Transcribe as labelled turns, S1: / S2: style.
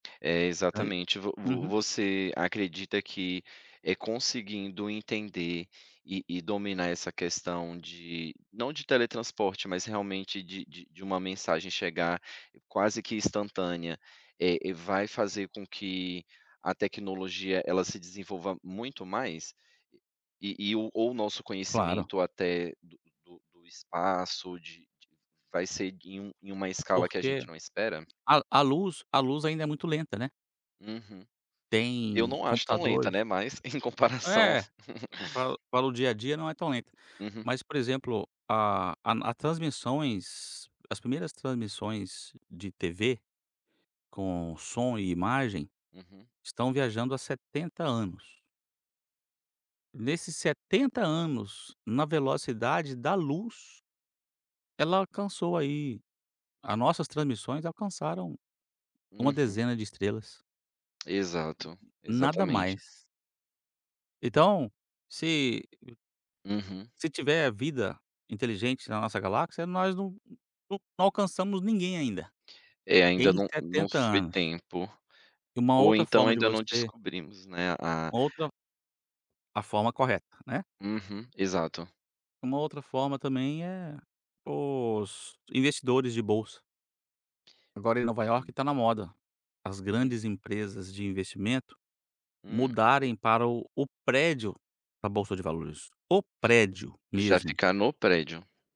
S1: É,
S2: Ainda.
S1: exatamente! Vo vo
S2: Uhum.
S1: você acredita que, eh, conseguindo entender, e e dominar essa questão de não de teletransporte, mas realmente de de de uma mensagem chegar quase que instantânea, eh, e vai fazer com que a tecnologia, ela se desenvolva muito mais? E-e e ou o nosso
S2: Claro.
S1: conhecimento até do do espaço de de vai ser e em um em uma escala que a
S2: Porque
S1: gente não espera?
S2: a a luz a luz ainda é muito lenta, né.
S1: Uhum. Eu
S2: Tem
S1: não acho tão lenta,
S2: computadores
S1: né, mas, em comparação
S2: É, pra para o dia a dia não é tão lenta,
S1: Uhum.
S2: mas, por exemplo, a a na a transmissões as primeiras transmissões de TV, com som e imagem,
S1: Uhum.
S2: estão viajando há 70 anos. Nesses 70 anos, na velocidade da luz, ela alcançou aí a nossas transmissões alcançaram uma
S1: Uhum.
S2: dezena de estrelas.
S1: Exato.
S2: Nada
S1: Exatamente.
S2: mais. Então, se [unintelligible]
S1: Uhum.
S2: se tiver vida inteligente na nossa galáxia, nós não não alcançamos ninguém ainda.
S1: É, ainda
S2: Em
S1: não não
S2: 70
S1: foi
S2: anos.
S1: tempo.
S2: E uma
S1: Ou
S2: outra
S1: então,
S2: forma de
S1: ainda não
S2: você
S1: descobrimos, né? A
S2: uma outra a forma correta, né?
S1: Uhum. Exato.
S2: Uma outra forma também é os investidores de bolsa. Agora, em Nova Iorque,
S1: Hum.
S2: tá na moda. As
S1: Hum.
S2: grandes empresas de investimento
S1: Hum.
S2: mudarem para o o prédio da bolsa de valores. O prédio
S1: Já
S2: mesmo.
S1: fica no prédio.